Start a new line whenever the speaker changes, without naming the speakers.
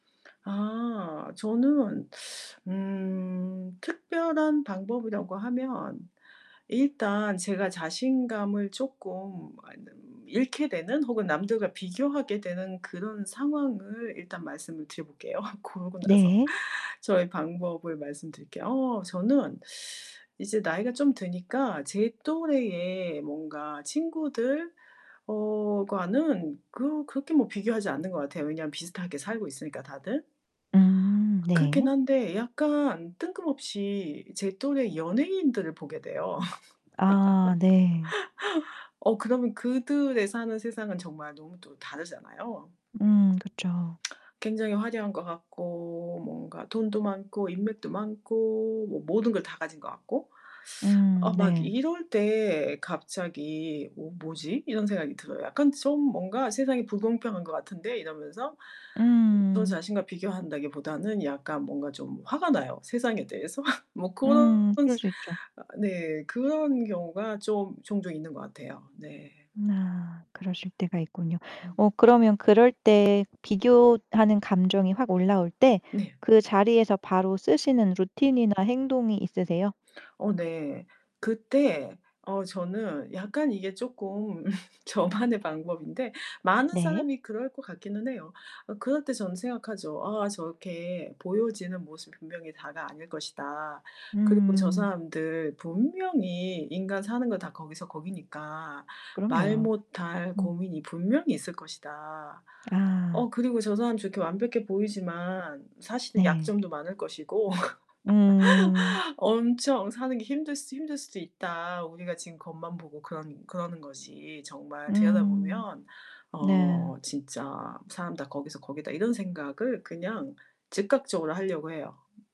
아. 저는 음 특별한 방법이라고 하면 일단 제가 자신감을 쪼끔 잃게 되는 혹은 남들과 비교하게 되는 그런 상황을 일단 말씀을 드려 볼게요. 그러고 나선
네.
저의 방법을 말씀드릴게요. 어 저는 이제 나이가 좀 드니까 제 또래의 뭔가 친구들 어 과는 그 그렇게 뭐 비교하지 않는 것 같아요 왜냐면 비슷하게 살고 있으니까 다들.
음
그렇긴
네.
한데 약간 뜬금없이 제 또래 연예인들을 보게 돼요.
아 네.
어 그러면 그들의 사는 세상은 정말 너무 또 다르잖아요.
음 그쵸.
굉장히 화려한 것 같고 뭔가 돈도 많고 인맥도 많고 뭐 모든 걸 다 가진 것 같고.
음
아 막
네.
이럴 때 갑자기 '어 뭐지?' 이런 생각이 들어요. '약간 좀 뭔가 세상이 불공평한 것 같은데.' 이러면서. 저
음.
자신과 비교한다기보다는 약간 뭔가 좀 화가 나요 세상에 대해서. 뭐 고런
음 그럴 수 있죠.
아 네. 그런 경우가 좀 종종 있는 것 같아요. 네.
아 그러실 때가 있군요.
음.
어 그러면 그럴 때 비교하는 감정이 확 올라올 때
네.
그 자리에서 바로 쓰시는 루틴이나 행동이 있으세요?
어 네. 그때 어 저는 약간 이게 쪼끔 저만의 방법인데 많은
네.
사람이 그럴 것 같기는 해요. 어 그럴 때 저는 생각하죠. '아 저렇게 보여지는 모습 분명히 다가 아닐 것이다. 그리고 저
음.
사람들 분명히 인간 사는 거 다 거기서 거기니까 말
그럼요.
못 할
음.
고민이 분명히 있을 것이다. 어
아.
그리고 저 사람 저렇게 완벽해 보이지만 사실은
네.
약점도 많을 것이고
음.
엄청 사는 게 힘들 수 힘들 수도 있다. 우리가 지금 겉만 보고 그러는 그러는 거지 정말
음.
들여다보면
네.
어 진짜 사람 다 거기서 거기다.' 이런 생각을 그냥 즉각적으로 하려고 해요.